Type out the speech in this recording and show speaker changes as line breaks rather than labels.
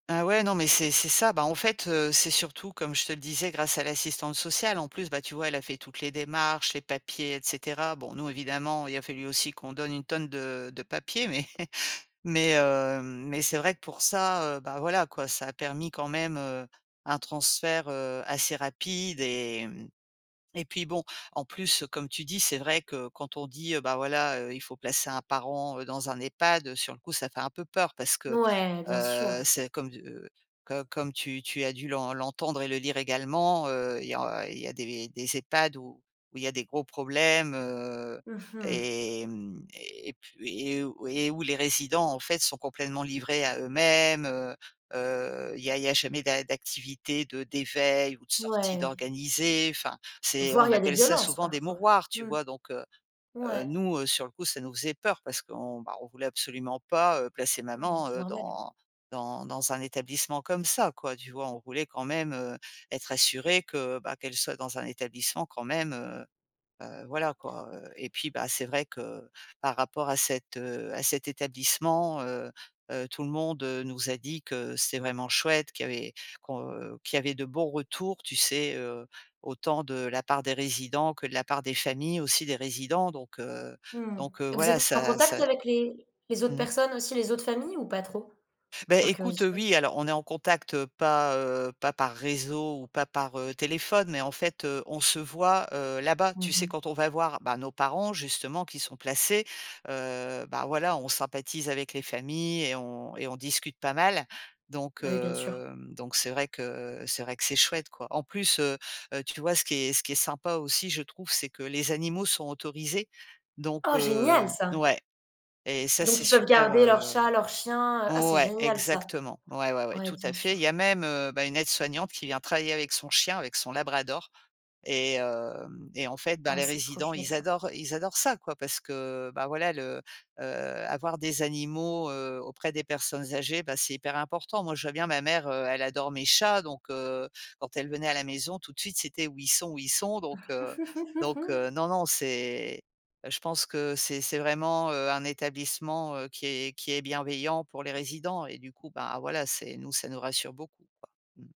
Ah ouais, non, mais c'est c'est ça. Beh en fait, heu, c'est surtout, comme je te le disais, grâce à l'assistante sociale en plus, bah tu vois? Elle a fait toutes les démarches, les papiers et cetera. Bon, nous, évidemment, il a fallu aussi qu'on donne une tonne de de papier, mais mais heu, mais c'est vrai que pour ça, heu, bah voilà quoi, ça a permis quand même, heu, un transfert, heu, assez rapide et et puis bon, en plus, comme tu dis, c'est vrai que quand on dit, bah voilà, heu, il faut placer un parent dans un EHPAD, sur le coup, ça fait un peu peur parce que,
Ouais, bien
heu,
sûr.
c'est comme, heu, co comme tu tu as dû l'en l'entendre et le lire également, heu, il y a il y a des des EHPAD où où il y a des gros problèmes, heu,
Mmh mh.
et mmh, et puis et où et où les résidents en fait sont complètement livrés à eux-mêmes, heu heu, il y a il y a jamais d'a d'activités de d'éveil ou de sorties
Ouais.
d'organisées. Enfin, c'est
Voire, il
on
y a des
appelle ça
violences,
souvent des
parfois.
mouroirs, tu
Mmh.
vois? Donc heu heu,
Ouais.
nous, heu, sur le coup, ça nous faisait peur parce qu'on voulait absolument pas, heu, placer
Mmh,
maman,
c'est
heu,
normal.
dans dans dans un établissement comme ça quoi, tu vois? On voulait quand même, heu, être assuré que bah qu'elle soit dans un établissement quand même, heu heu, voilà quoi, heu, et puis bah c'est vrai que par rapport à cet, heu, à cet établissement, heu heu, tout le monde nous a dit que c'était vraiment chouette qu'il avait qu'on qu'il y avait de bons retours, tu sais, heu, autant de la part des résidents que de la part des familles aussi des résidents, donc heu,
Mmh,
donc heu,
vous
voilà,
êtes en
ça
contact
ça
avec les autres
mmh.
personnes aussi? Les autres familles, ou pas trop?
Bah
Par
écoute, heu,
curiosité.
oui, alors on est en contact, heu, pas, heu, pas par réseau ou pas par, heu, téléphone, mais en fait, heu, on se voit, heu, là-bas. Tu
Mmh
sais,
mh.
quand on va voir, bah nos parents justement qui sont placés, heu, bah voilà, on sympathise avec les familles et on et on discute pas mal, donc
Baj oui, bien sûr.
hem donc c'est vrai que, heu, c'est vrai que c'est chouette, quoi. En plus, heu heu, tu vois? Ce qui est ce qui est sympa aussi, je trouve, c'est que les animaux sont autorisés, donc
Oh, génial,
heu
ça!
ouais et ça,
Donc
c'est
ils peuvent
super,
garder leur
heu
chat? Leur chien, heu ah, c'est
ouais,
génial ça!
exactement. Ouais, ouais, ouais,
Oui,
tout
bien
à fait. Il
sûr.
y a même, heu, bah une aide soignante qui vient travailler avec son chien, avec son labrador et heu, et en fait, bah
Oh,
les
c'est trop
résidents,
chouette,
ils
ça.
adorent, ils adorent ça, quoi. Parce que bah voilà le, heu avoir des animaux, heu, auprès des personnes âgées, bah c'est hyper important. Moi, je vois bien ma mère, heu, elle adore mes chats, donc heu, quand elle venait à la maison tout de suite: «C'était où ils sont, où ils sont?» donc heu donc heu, non non, c'est je pense que c'est c'est vraiment, heu, un établissement, heu, qui est qui est bienveillant pour les résidents et du coup, bah voilà, c'est, nous ça nous rassure beaucoup, quoi. Mmh.